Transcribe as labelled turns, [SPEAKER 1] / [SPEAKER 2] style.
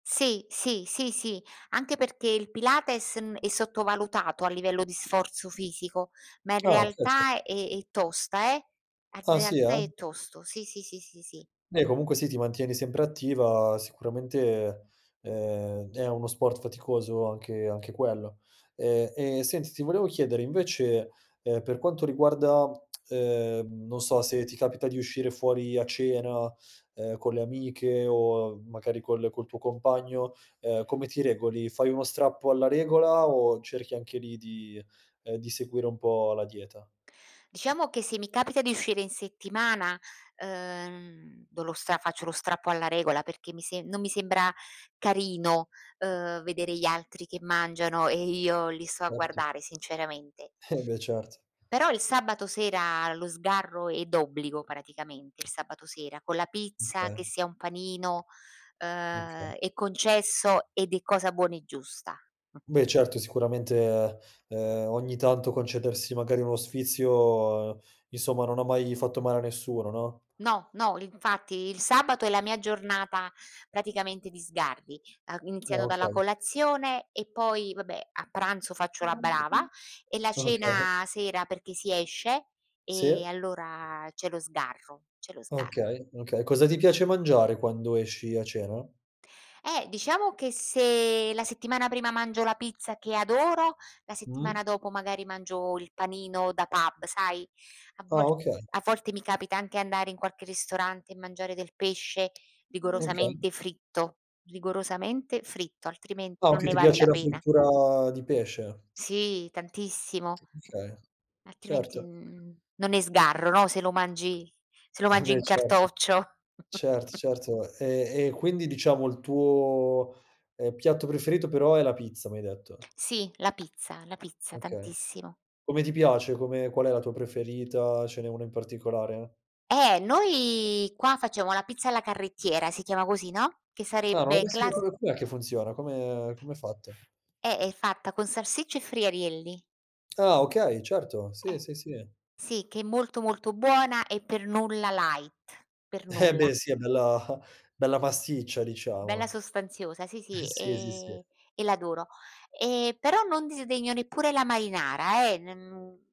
[SPEAKER 1] Sì, sì, sì, sì anche perché il pilates, mhmm, è sottovalutato a livello di sforzo fisico ma in
[SPEAKER 2] Ah, okay sì.
[SPEAKER 1] realtà è è tosta, eh. In
[SPEAKER 2] Ah, sì
[SPEAKER 1] realtà
[SPEAKER 2] eh?
[SPEAKER 1] è tosto sì, sì, sì, sì, sì.
[SPEAKER 2] Beh comunque sì, ti mantieni sempre attiva. Sicuramente, ehm, è uno sport faticoso anche anche quello. Ehm, e senti, ti volevo chiedere invece, ehm, per quanto riguarda, ehm, non so, se ti capita di uscire fuori a cena, ehm, con le amiche o magari col col tuo compagno, ehm, come ti regoli? Fai uno strappo alla regola o cerchi anche lì di, ehm, di seguire un po' la dieta?
[SPEAKER 1] Diciamo che se mi capita di uscire in settimana, ehm, do lo stra faccio lo strappo alla regola, perché mi sem non mi sembra carino, uhm, vedere gli altri che mangiano e io li sto a
[SPEAKER 2] Certo.
[SPEAKER 1] guardare sinceramente.
[SPEAKER 2] Eh, beh, certo.
[SPEAKER 1] Però il sabato sera lo sgarro è d'obbligo praticamente, il sabato sera, con la pizza, che
[SPEAKER 2] Oka
[SPEAKER 1] sia un panino,
[SPEAKER 2] Okay.
[SPEAKER 1] ehm, è concesso ed è cosa buona e giusta.
[SPEAKER 2] Beh, certo sicuramente, ehm, ogni tanto concedersi magari uno sfizio, insomma, non ha mai fatto male a nessuno, no?
[SPEAKER 1] No, no l infatti il sabato è la mia giornata praticamente di sgarri, ehm,
[SPEAKER 2] Ah,
[SPEAKER 1] iniziano dalla
[SPEAKER 2] okay.
[SPEAKER 1] colazione e poi vabbè a pranzo faccio la brava e la
[SPEAKER 2] Okay.
[SPEAKER 1] cena sera perché si esce
[SPEAKER 2] Sì.
[SPEAKER 1] e allora c'è lo sgarro, c'è lo sgarro.
[SPEAKER 2] Okay, okay. Cosa ti piace mangiare quando esci a cena?
[SPEAKER 1] Eh, diciamo che se la settimana prima mangio la pizza che adoro, la
[SPEAKER 2] Mh.
[SPEAKER 1] settimana dopo magari mangio il panino da pub, sai? A
[SPEAKER 2] Ah,
[SPEAKER 1] vol
[SPEAKER 2] okay.
[SPEAKER 1] a volte mi capita anche andare in qualche ristorante e mangiare del pesce,
[SPEAKER 2] Okay.
[SPEAKER 1] rigorosamente fritto, rigorosamente fritto, altrimenti
[SPEAKER 2] Ah,
[SPEAKER 1] non
[SPEAKER 2] okay
[SPEAKER 1] ne
[SPEAKER 2] ti
[SPEAKER 1] vale la
[SPEAKER 2] piace la
[SPEAKER 1] pena.
[SPEAKER 2] frittura di pesce.
[SPEAKER 1] Sì tantissimo.
[SPEAKER 2] Okay,
[SPEAKER 1] Altrimenti
[SPEAKER 2] certo.
[SPEAKER 1] n n non è sgarro, no, se lo mangi se lo
[SPEAKER 2] Eh
[SPEAKER 1] mangi
[SPEAKER 2] beh
[SPEAKER 1] in
[SPEAKER 2] certo.
[SPEAKER 1] cartoccio.
[SPEAKER 2] Certo, certo. E e quindi diciamo il tuo, ehm, piatto preferito però è la pizza, mi hai detto.
[SPEAKER 1] Sì, la pizza la pizza
[SPEAKER 2] Okay,
[SPEAKER 1] tantissimo.
[SPEAKER 2] come ti piace? Come qual è la tua preferita? Ce n'è una in particolare?
[SPEAKER 1] Eh, noi qua facciamo la pizza alla carrettiera, si chiama così, no. Che
[SPEAKER 2] Ah, non l'ho mai
[SPEAKER 1] sarebbe class
[SPEAKER 2] [unintelligible] com'è che funziona? Come come è fatta?
[SPEAKER 1] Eh, è fatta con salsiccia e friarielli.
[SPEAKER 2] Ah, okay, certo, sì,
[SPEAKER 1] Eh,
[SPEAKER 2] sì, sì.
[SPEAKER 1] sì che è molto molto, buona e per nulla light, per
[SPEAKER 2] Eh beh,
[SPEAKER 1] nulla.
[SPEAKER 2] sì, è bella bella pasticcia
[SPEAKER 1] Bella
[SPEAKER 2] diciamo.
[SPEAKER 1] sostanziosa, sì,
[SPEAKER 2] Eh
[SPEAKER 1] sì
[SPEAKER 2] sì, sì, sì.
[SPEAKER 1] e e l'adoro. Ehm, però non disdegno neppure la marinara eh, non